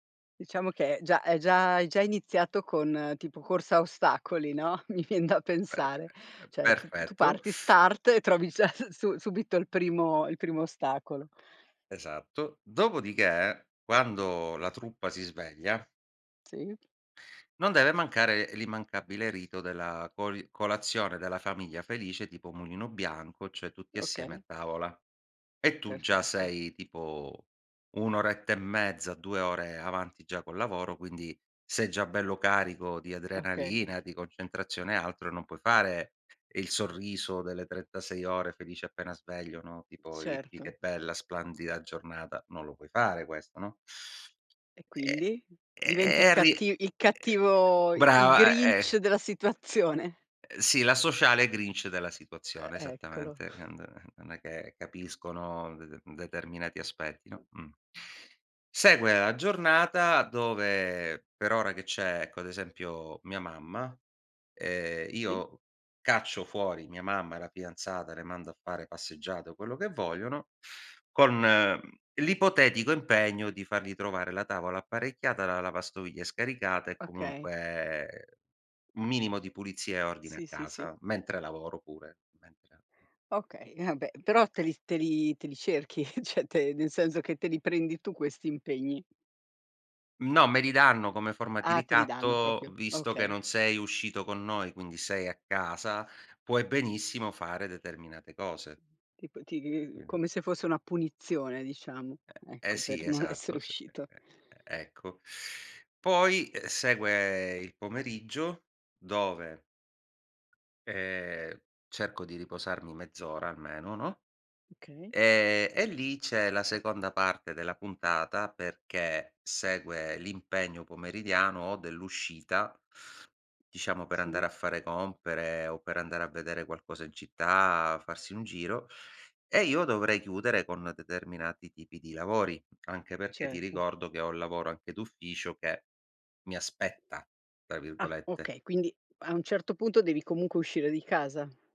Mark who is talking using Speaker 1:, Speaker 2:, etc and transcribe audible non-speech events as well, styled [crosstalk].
Speaker 1: Diciamo che già è già è già iniziato con tipo corsa a ostacoli, no, mi vien da
Speaker 2: Perfe
Speaker 1: pensare.
Speaker 2: è
Speaker 1: Cioè tu tu
Speaker 2: perfetto.
Speaker 1: parti,
Speaker 2: [sucks teeth]
Speaker 1: start, e trovi già su su subito il primo il primo ostacolo.
Speaker 2: Esatto. Dopodiché quando la truppa si sveglia
Speaker 1: Sì.
Speaker 2: non deve mancare l'immancabile rito della coli colazione della famiglia felice tipo Mulino Bianco, cioè tutti assieme a
Speaker 1: Okay.
Speaker 2: tavola.
Speaker 1: È
Speaker 2: E tu già
Speaker 1: perfetto.
Speaker 2: sei tipo 1 oretta e mezza, 2 ore avanti già col lavoro, quindi sei già bello carico di
Speaker 1: Okay.
Speaker 2: adrenalina, di concentrazione e altro, non puoi fare il sorriso delle 36 ore felice appena sveglio, no, tipo: “Ridi,
Speaker 1: Certo.
Speaker 2: che bella, splendida giornata.” Non lo puoi fare questo, no.
Speaker 1: E
Speaker 2: [sucks teeth]
Speaker 1: quindi?
Speaker 2: E e
Speaker 1: Diventi
Speaker 2: e
Speaker 1: il
Speaker 2: arri eh,
Speaker 1: catti il cattivo, i il
Speaker 2: brava e
Speaker 1: Grinch
Speaker 2: eh.
Speaker 1: della situazione.
Speaker 2: Ehm, sì, l'asociale Grinch della
Speaker 1: E
Speaker 2: situazione,
Speaker 1: eccolo.
Speaker 2: esattamente. Quand non è che capiscono de de determinati aspetti, no, mh. Segue la giornata dove, per ora che c'è, ecco, ad esempio mia mamma, ehm,
Speaker 1: Sì.
Speaker 2: io caccio fuori mia mamma e la fidanzata, le mando a fare passeggiate o quello che vogliono, con l'ipotetico impegno di fargli trovare la tavola apparecchiata, la lavastoviglie scaricata e
Speaker 1: Okay.
Speaker 2: comunque un minimo di pulizia e ordine a
Speaker 1: Sì, sì, sì.
Speaker 2: casa, mentre lavoro pure, mentre.
Speaker 1: Okay, e vabbè. Però te li te li te li cerchi, [chuckles] cioè te nel senso che te li prendi tu questi impegni.
Speaker 2: No, me li danno come forma di
Speaker 1: Ah, te li danno
Speaker 2: ricatto:
Speaker 1: proprio,
Speaker 2: "Visto che
Speaker 1: okay.
Speaker 2: non sei uscito con noi, quindi sei a casa, puoi benissimo fare determinate cose."
Speaker 1: Tipo ti
Speaker 2: Quindi
Speaker 1: come se fosse una punizione, diciamo.
Speaker 2: E eh
Speaker 1: Ecco,
Speaker 2: sì,
Speaker 1: per non essere
Speaker 2: esatto, s e
Speaker 1: uscito.
Speaker 2: e e ecco. Poi, uhm, segue il pomeriggio, dove ehm, cerco di riposarmi mezz'ora almeno, no,
Speaker 1: Okay.
Speaker 2: ehm, e lì c'è la seconda parte della puntata, perché segue l'impegno pomeridiano o dell'uscita, diciamo, per andare
Speaker 1: Sì.
Speaker 2: a fare compere o per andare a vedere qualcosa in città, farsi un giro, e io dovrei chiudere con determinati tipi di lavori. Anche perché ti
Speaker 1: Certo.
Speaker 2: ricordo che ho un lavoro anche d'ufficio che "mi aspetta", tra
Speaker 1: Ah
Speaker 2: virgolette.
Speaker 1: okay, quindi a un certo punto devi comunque uscire di casa.